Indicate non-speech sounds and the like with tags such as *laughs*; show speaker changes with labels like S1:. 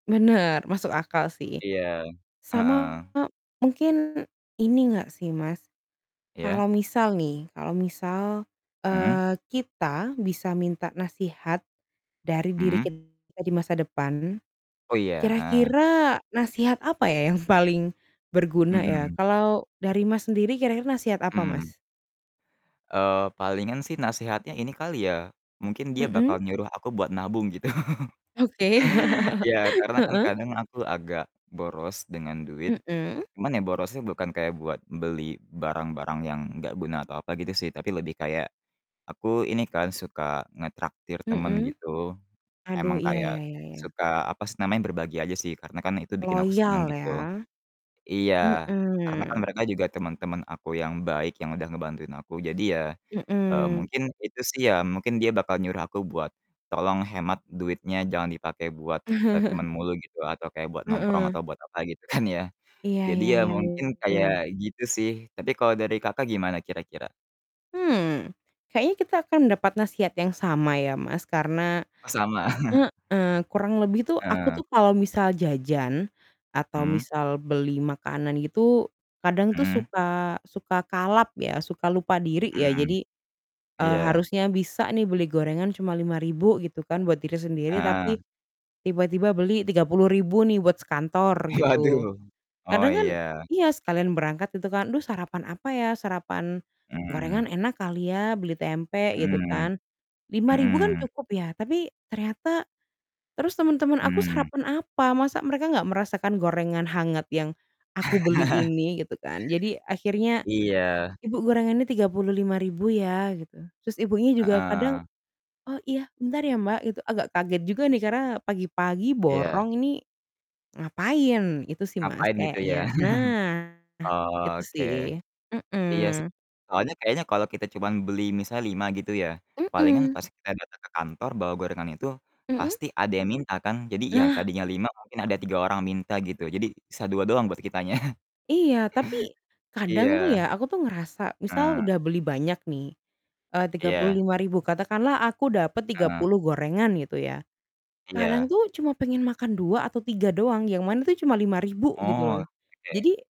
S1: Benar, masuk akal, sih.
S2: Iya,
S1: Sama
S2: heeh.
S1: mungkin ini enggak, sih, Mas,
S2: Iya.
S1: kalau misal, nih, kalau misal,
S2: Mhm.
S1: eee, kita bisa minta nasihat, dari diri
S2: Mhm.
S1: kita di masa depan,
S2: Oh, iya, heeh.
S1: kira-kira nasihat apa, ya, yang *chuckles* paling, berguna, ya?
S2: Mhm.
S1: Kalau dari Mas sendiri kira-kira nasihat apa,
S2: Mhm.
S1: Mas?
S2: Eee, palingan sih nasehatnya ini kali ya, mungkin dia
S1: Mhm.
S2: bakal nyuruh aku buat nabung gitu.
S1: Oke,
S2: Ya,
S1: *laughs*
S2: karena kan
S1: heeh.
S2: kadang aku agak boros dengan duit.
S1: Mhm.
S2: Cuman, ya, borosnya bukan kayak buat beli barang-barang yang enggak guna atau apa gitu, sih, tapi lebih kayak, aku ini kan suka ngetraktir temen
S1: Mhm,
S2: gitu,
S1: aduh,
S2: emang
S1: iya iya
S2: kayak,
S1: iya iya iya.
S2: suka apa sih namanya berbagi aja sih karena kan itu bikin aku senang,
S1: Loyal,
S2: gitu.
S1: ya,
S2: Iya, karena kan
S1: mhm.
S2: mereka juga teman-teman aku yang baik yang udah ngebantuin aku jadi ya, eee,
S1: Mhm.
S2: mungkin itu sih, ya mungkin dia bakal nyuruh aku buat, "Tolong hemat duitnya! Jangan dipakai bua, eee, temen
S1: *chuckles*
S2: mulu, gitu atau kayak buat nongkrong
S1: Heeh.
S2: atau buat apa!" gitu kan ya.
S1: Iya
S2: Jadi,
S1: iya
S2: ya
S1: iya
S2: mungkin
S1: iya.
S2: kayak gitu, sih. Tapi, kalo dari Kakak gimana kira-kira?
S1: Mmm, kayaknya kita akan dapat nasihat yang sama ya Mas karena,
S2: Oh, sama. *chuckles*
S1: heeh, kurang lebih tuh aku
S2: Heeh.
S1: tuh kalau misal jajan, atau
S2: Hmm.
S1: misal beli makanan itu, kadang tuh
S2: Mhm.
S1: suka suka kalap ya suka lupa diri ya
S2: Mhm,
S1: jadi, eee,
S2: iya.
S1: harusnya bisa nih beli gorengan cuma Rp5.000 gitu kan buat diri sendiri tapi,
S2: Heeh.
S1: tiba-tiba beli Rp30.000 nih buat sekantor gitu,
S2: Waduh. Oh,
S1: kadang kan
S2: ya.
S1: iya sekalian berangkat gitu kan aduh sarapan apa ya, sarapan, gorengan
S2: Mmm.
S1: enak kali ya beli tempe gitu
S2: Mmm,
S1: kan, Rp5.000 kan
S2: mhm.
S1: cukup ya tapi ternyata terus teman-teman aku
S2: Mmm.
S1: sarapan apa, masa mereka enggak merasakan gorengan hangat yang aku beli
S2: *laughs*
S1: ini gitu, kan. Jadi, akhirnya,
S2: Iya.
S1: "Ibu, gorengannya Rp35.000, ya," gitu. Terus, ibunya juga kadang,
S2: Heeh.
S1: "Oh, iya. Bentar, ya, Mbak," gitu, agak kaget juga, nih, karena pagi-pagi
S2: Iya.
S1: borong ini, ngapain. Itu sih, Mas,
S2: Ngapain gitu, ya.
S1: kayaknya. Nah,
S2: *chuckles*
S1: itu
S2: Oh, oke.
S1: sih,
S2: Iya, sih.
S1: mhm.
S2: Soalnya kayaknya kalo kita cuman beli misalnya 5 gitu ya, palingan
S1: Mhm.
S2: pas kita datang ke kantor bawa gorengan itu,
S1: Mhm?
S2: pasti ada yang minta kan. Jadi, ya,
S1: Nah.
S2: tadinya 5 mungkin ada 3 orang minta, gitu, jadi sisa 2 doang buat kitanya. *chuckles*
S1: Iya, tapi, kadang tuh,
S2: Iya,
S1: ya, aku tuh ngerasa misal
S2: heeh.
S1: udah beli banyak, nih, eee, tiga puluh
S2: Iya.
S1: lima ribu. Katakanlah aku dapat tiga
S2: Heeh.
S1: puluh gorengan, gitu, ya. Kadang
S2: Iya.
S1: tuh cuma pengen makan 2 atau 3 doang yang mana tuh cuma Rp5.000, gitu,
S2: Oh,
S1: loh.
S2: oke.
S1: Jadi